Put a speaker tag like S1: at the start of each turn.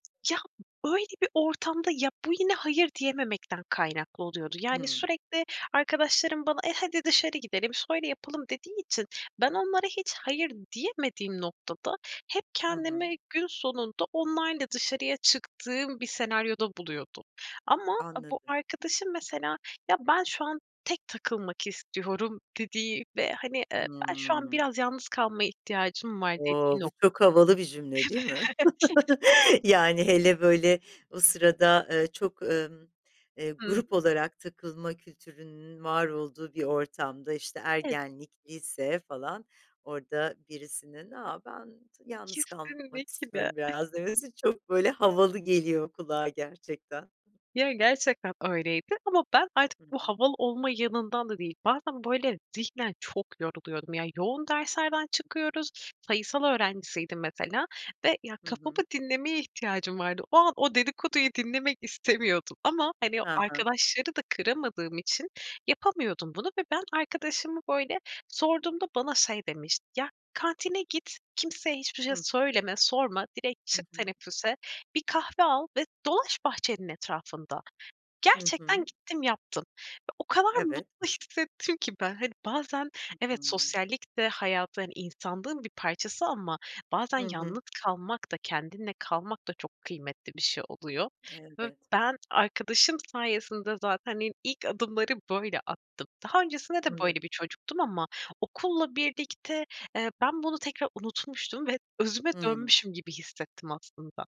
S1: Ya, böyle bir ortamda, ya, bu yine, hayır, diyememekten kaynaklı oluyordu. Yani,
S2: Hıı.
S1: sürekli arkadaşlarım bana; "E, hadi dışarı gidelim, söyle yapalım." dediği için, ben onlara hiç hayır diyemediğim noktada, hep
S2: Hı hı.
S1: kendimi gün sonunda, onlarla dışarıya çıktığım bir senaryoda buluyordum. Ama bu
S2: Anladım.
S1: arkadaşım mesela, ya, ben şu an tek takılmak istiyorum dediği ve hani, eee, ben şu an
S2: Hıı.
S1: biraz yalnız kalmaya ihtiyacım var, dediği
S2: O, bu
S1: nokta.
S2: çok havalı bir cümle, değil mi?
S1: Evet.
S2: Yani, hele böyle o sırada, ııı, çok, ımm, eee,
S1: Hıı.
S2: grup olarak takılma kültürünün var olduğu bir ortamda, işte
S1: Ev
S2: ergenlik; lise falan orada birisinin, "A, ben t yalnız kalmak
S1: Kesinlikle.
S2: istiyorum biraz." demesi çok böyle havalı geliyor kulağa, gerçekten.
S1: Ya, gerçekten öyleydi. Ama ben artık
S2: Hı
S1: bu
S2: hı.
S1: havalı olma yanından da değil, bazen böyle zihnen çok yoruluyordum. Ya, yoğun derslerden çıkıyoruz. Sayısal öğrencisiydim mesela ve ya,
S2: Hı
S1: kafamı
S2: hı.
S1: dinlemeye ihtiyacım vardı. O an, o dedikoduyu dinlemek istemiyordum ama hani, o
S2: Ha ha.
S1: arkadaşları da kıramadığım için, yapamıyordum bunu ve ben arkadaşıma böyle sorduğumda bana şey demişti: Ya, kantine git, kimseye hiçbir şey
S2: Hı.
S1: söyleme, sorma, direkt
S2: Hı
S1: çık
S2: hı.
S1: teneffüse, bir kahve al ve dolaş bahçenin etrafında.
S2: Hı
S1: Gerçekten
S2: hı.
S1: gittim, yaptım ve o kadar
S2: Evet.
S1: mutlu hissettim ki ben. Hani, bazen,
S2: Hı
S1: evet,
S2: hı.
S1: sosyallik de hayatın, insanlığın bir parçası ama bazen
S2: Hı hı.
S1: yalnız kalmak da, kendinle kalmak da, çok kıymetli bir şey oluyor ve
S2: Elbet.
S1: ben arkadaşım sayesinde zaten, iii, ilk adımları böyle attım. Daha öncesinde de böyle
S2: Anladım.
S1: bir çocuktum ama okulla birlikte, eee, ben bunu tekrar unutmuştum ve özüme
S2: Hıı.
S1: dönmüşüm gibi hissettim, aslında.